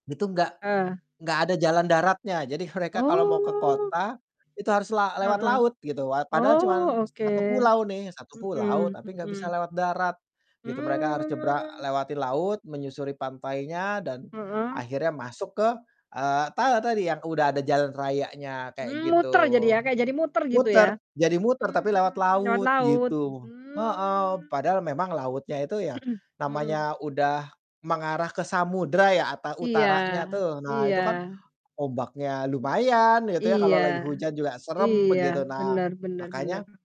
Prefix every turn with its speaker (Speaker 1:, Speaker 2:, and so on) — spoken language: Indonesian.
Speaker 1: Itu enggak
Speaker 2: Eh.
Speaker 1: enggak ada jalan daratnya. Jadi mereka kalau mau ke
Speaker 2: Oh.
Speaker 1: kota itu harus la lewat
Speaker 2: Heeh,
Speaker 1: laut gitu. Wat padahal cuman
Speaker 2: oh oke.
Speaker 1: satu pulau nih, satu pulau
Speaker 2: Mhm
Speaker 1: tapi enggak bisa
Speaker 2: mhm.
Speaker 1: lewat darat gitu, mereka harus nyebrang
Speaker 2: Mmm.
Speaker 1: lewati laut menyusuri pantainya dan
Speaker 2: Mhm?
Speaker 1: akhirnya masuk ke, eee, tala tadi yang udah ada jalan rayanya kayak
Speaker 2: Mmm,
Speaker 1: gitu.
Speaker 2: muter jadi ya, kayak jadi muter gitu
Speaker 1: Muter,
Speaker 2: ya?
Speaker 1: jadi muter tapi lewat
Speaker 2: Mmm, lewat
Speaker 1: laut
Speaker 2: laut.
Speaker 1: gitu. Heeh,
Speaker 2: Mmm.
Speaker 1: padahal memang lautnya itu ya,
Speaker 2: Mhm.
Speaker 1: namanya udah mengarah ke samudra ya atau
Speaker 2: Iya,
Speaker 1: utaranya tuh, nah itu
Speaker 2: iya.
Speaker 1: kan ombaknya lumayan gitu ya kalau
Speaker 2: Iya,
Speaker 1: lagi hujan juga serem
Speaker 2: iya.
Speaker 1: begitu, nah
Speaker 2: Bener bener
Speaker 1: makanya
Speaker 2: bener.